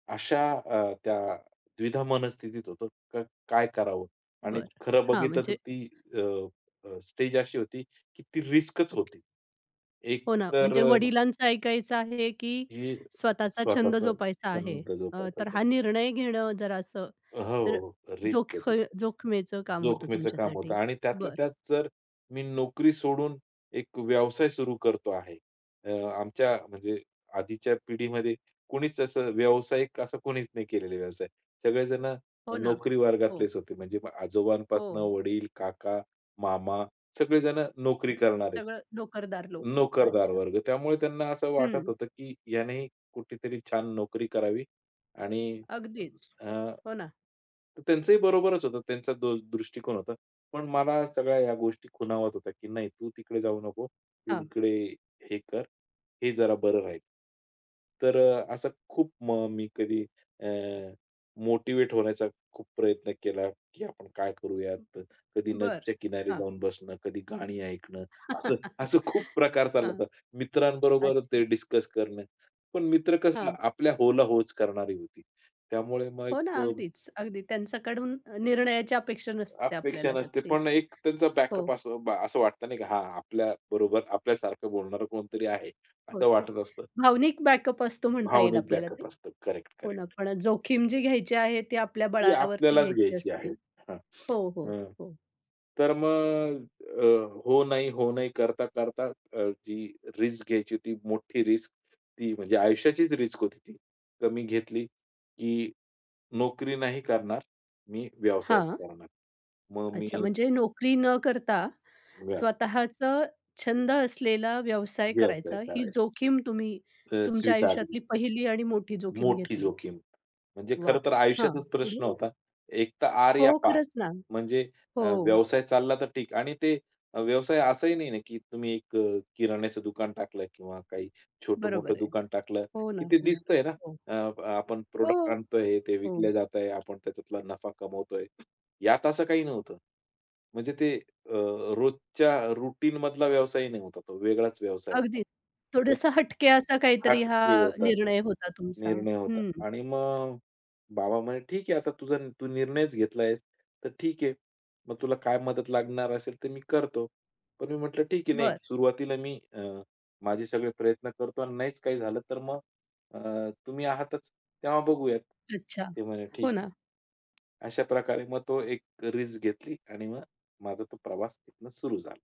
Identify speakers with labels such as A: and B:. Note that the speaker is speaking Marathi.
A: अशा अ, त्या द्विधा मनस्थितीत होतं अ, काय करावं आणि
B: बरं.
A: खरं
B: हां,
A: बघितलं तर
B: म्हणजे
A: ती अ, अ, स्टेज अशी होती की ती रिस्कच
B: ओके.
A: होती. एक
B: हो ना,
A: तर
B: म्हणजे
A: अ
B: वडिलांचं ऐकायचं आहे की
A: ही
B: स्वतःचा छंद
A: स्वतःचा
B: जोपासायचा आहे.
A: छंद
B: अ, तर
A: जोपासायचा.
B: हा निर्णय घेणं जरा असं
A: अ, हो,
B: तर
A: हो. रिस्क
B: जोख
A: होती.
B: जोखमीचं काम होतं
A: जोखमीचं काम होतं.
B: तुमच्यासाठी
A: आणि त्यातल्या
B: बरं.
A: त्यात जर मी नोकरी सोडून एक व्यवसाय सुरू करतो आहे. अ, आमच्या म्हणजे आधीच्या पिढीमध्ये कुणीच असं व्यावसायिक असा कोणीच नाही केलेला व्यवसाय. सगळेजणं
B: हो ना.
A: नोकरी
B: हो.
A: वर्गातलेच होते. म्हणजे आजोबांपासून
B: हो.
A: वडील, काका, मामा सगळेजणं नोकरी
B: अच्छा
A: करणारे
B: सगळं नोकरदार लोकं.
A: नोकरदार
B: अच्छा.
A: वर्ग. त्यामुळे त्यांना असं वाटत
B: हं.
A: होतं की याने कुठेतरी छान नोकरी करावी आणि
B: अगदीच.
A: अ,
B: हो ना.
A: त्यांचंही बरोबरच होतं. त्यांचा तो दृष्टिकोन होता. पण मला सगळ्या ह्या गोष्टी खुणावत होत्या की, "नाही तू तिकडे जाऊ नको. तू
B: हां.
A: इकडे हे कर. हे जरा बरं राहील." तर अ, असं खूप म मी कधी अ, मोटिव्हेट होण्याचा खूप प्रयत्न केला की आपण काय करूयात. कधी
B: बरं.
A: नदीच्या किनारी
B: हां.
A: जाऊन बसणं, कधी गाणी ऐकणं. असं, असं खूप प्रकार चालला
B: हां.
A: होता. मित्रांबरोबर
B: अच्छा.
A: ते डिस्कस करणं. पण मित्र कसं
B: हां.
A: आपल्या "हो" ला "हो" च करणारी होती. त्यामुळे मग
B: हो
A: एक
B: ना, अगदीच, अगदी त्यांच्याकडून निर्णयाची अपेक्षा नसते
A: अपेक्षा
B: आपल्याला
A: नसते. पण
B: कसलीच
A: एक त्यांचा
B: हो.
A: बॅकअप असं असं वाटत नाही की हां, आपल्याबरोबर आपल्यासारखं बोलणारं कोणतरी आहे
B: हो,
A: असं
B: ते
A: वाटत असतं.
B: भावनिक बॅकअप असतो म्हणता येईल
A: भावनिक
B: आपल्याला ते
A: बॅकअप असतं.
B: हो ना,
A: करेक्ट-करेक्ट.
B: पण जोखीम जी घ्यायची आहे, ती आपल्या
A: ती
B: बळावरती
A: आपल्यालाच
B: घ्यायची
A: घ्यायची
B: असते
A: आहे हं,
B: हो, हो,
A: अ,
B: हो.
A: तर मग अ, हो नाही हो नाही करता-करता अ, जी रिस्क घ्यायची होती, मोठी रिस्क ती म्हणजे आयुष्याचीच रिस्क होती ती. तर मी घेतली की नोकरी नाही करणार, मी व्यवसायाच
B: हां.
A: करणार. मग
B: अच्छा
A: मी
B: म्हणजे नोकरी न करता
A: व्यव
B: स्वतःचा छंद असलेला व्यवसाय
A: व्यवसाय
B: करायचा. ही
A: करायचा.
B: जोखीम तुम्ही
A: तर
B: तुमच्या आयुष्यातली
A: स्वीकारली.
B: पहिली आणि मोठी जोखीम
A: मोठी
B: घेतली.
A: जोखीम. म्हणजे
B: वाह!
A: खरं तर
B: हां,
A: आयुष्याचाच प्रश्न
B: [unintelligible]
A: होता. एक तर आर या
B: हो,
A: पार.
B: खरंच ना
A: म्हणजे अ,
B: हो.
A: व्यवसाय चालला तर ठीक आणि ते व्यवसाय असाही नाही ना की तुम्ही एक किराण्याचं दुकान टाकलं किंवा काही छोटं-मोठं
B: बरोबर आहे.
A: दुकान टाकलं
B: हो ना,
A: की ते
B: हो ना,
A: दिसतंय ना
B: हो.
A: अ, अ, आपण प्रॉडक्ट
B: हो,
A: आणतोय, ते
B: हो.
A: विकले जात आहे. आपण त्याच्यातला नफा कमवतोय. यात असं काही नव्हतं. म्हणजे ते अ, रोजच्या रूटीनमधला व्यवसाय नाही होता. तो वेगळाच व्यवसाय होता.
B: अगदीच, थोडंस हटके असा काहीतरी हा
A: हटके होता.
B: निर्णय होता तुमचा
A: निर्णय होता.
B: हं.
A: आणि मग बाबा म्हणे, "ठीक आहे, आता तुझा तू निर्णयच घेतला आहेस, तर ठीक आहे. मग तुला काय मदत लागणार असेल, तर मी करतो." पण मी म्हटलं, "ठीक आहे, नाही.
B: बरं.
A: सुरुवातीला मी अ, माझे सगळे प्रयत्न करतो आणि नाहीच काही झालं, तर मग अ, तुम्ही आहातच तेव्हा बघूयात."
B: अच्छा
A: ते म्हणे, "ठीक
B: हो
A: आहे."
B: ना.
A: अशाप्रकारे मग ती एक रिस्क घेतली आणि मग माझा तो प्रवास तिथून सुरू झाला.